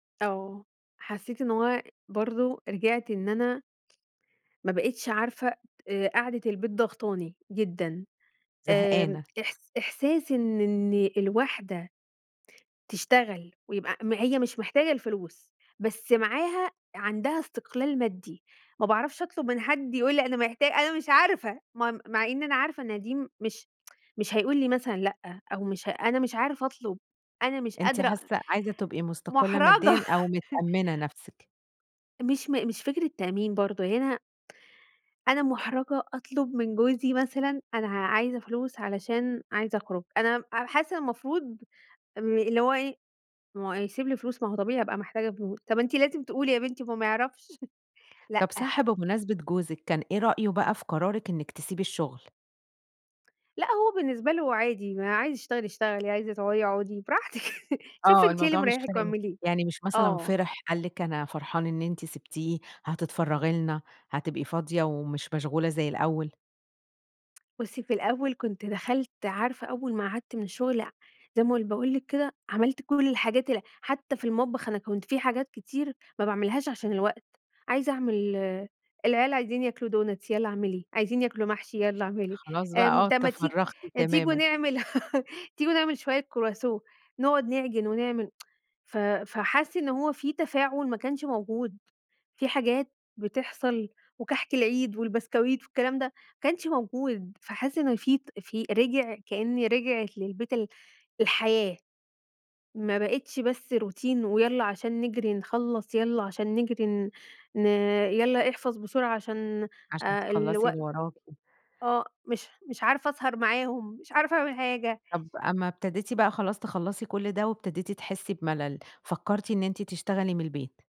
آه، حسيت إن هو برضو رجعت إن أنا ما بقتش عارفة، آآ قعدة البيت ضغطاني جدًا، آمم، زهقانة. إحس إحساس إن إن الواحدة تشتغل ويبقى م هي مش محتاجة الفلوس بس معاها، عندها استقلال مادي، ما باعرفش أطلب من حد، يقول لي أنا محتا أنا مش عارفة م مع إن أنا عارفة إن دي مش مش هيقول لي مثلًا لأ، أو مش ه أنا مش عارفة أطلب، أنا مش أنتِ قادرة، حاسة عايزة تبقي مستقلة ماديًا مُحرَجَة أو متأمنة نفسِك. مش م مش فكرة تأمين برضو هنا أنا مُحرَجَة أطلب من جوزي مثلًا أنا ع عايزة فلوس علشان عايزة أخرج، أنا حاسة إن المفروض امم، اللي هو إيه، ما هو هيسيب لي فلوس ما هو طبيعي هابقى محتاجة فلوس، طب أنتِ لازم تقولي يا بنتي ما هو ما يعرفش طب لأ. صح بمناسبة جوزِك، كان إيه رأيه بقى في قرارِك إنِك تسيبي الشغل؟ لأ، هو بالنسبة له عادي، ما عايزة تشتغلي اشتغلي، عايزة تقعدي اقعدي براحتِك، شوفِي آه، أنتِ إيه اللي الموضوع مش مريحِك فارق واعمليه، يعني مش مثلًا آه. فرح قال لِك أنا فرحان إن أنتِ سِبتيه، هتتفرغي لنا، هتبقي فاضية ومش مشغولة زي الأول. بُصّي، في الأول كنت دخلت عارفة أول ما قعدت من الشغل، ع زي ما باقول لِك كده، عملت كل الحاجات ال حتى في المطبخ، أنا كنت في حاجات كتير ما باعملهاش عشان الوقت، عايزة أعمل العيال عايزين ياكلوا دونتس، يالّا اعمليه، عايزين ياكلوا محشي، يالّا اعملي، خلاص بقى آمم، آه، طب ما تي تفرغتِ تيجوا تمامًا. نعمل تيجوا نعمل شوية كرواسون، نقعد نعجن ونعمل، ف فحس إن هو في تفاعل ما كانش موجود، في حاجات بتحصل، وكحك العيد والبسكويت والكلام ده ما كانش موجود، فحس إن في ت في رجع كأن رجعِت للبيت ال الحياة، ما بقتش بس روتين ويالّا عشان نجري نخلص، يالّا عشان نجري ن ن يالّا احفظ بسرعة عشان عشان آآ تخلّصي اللي الوقت، وراكِ. آه مش مش عارفة أسهر معاهم، مش عارفة أعمل حاجة. طب أمّا ابتديتِ بقى خلاص تخلصي كل ده وابتديتِ تحسي بملل، فكرتِ إن أنتِ تشتغلي من البيت.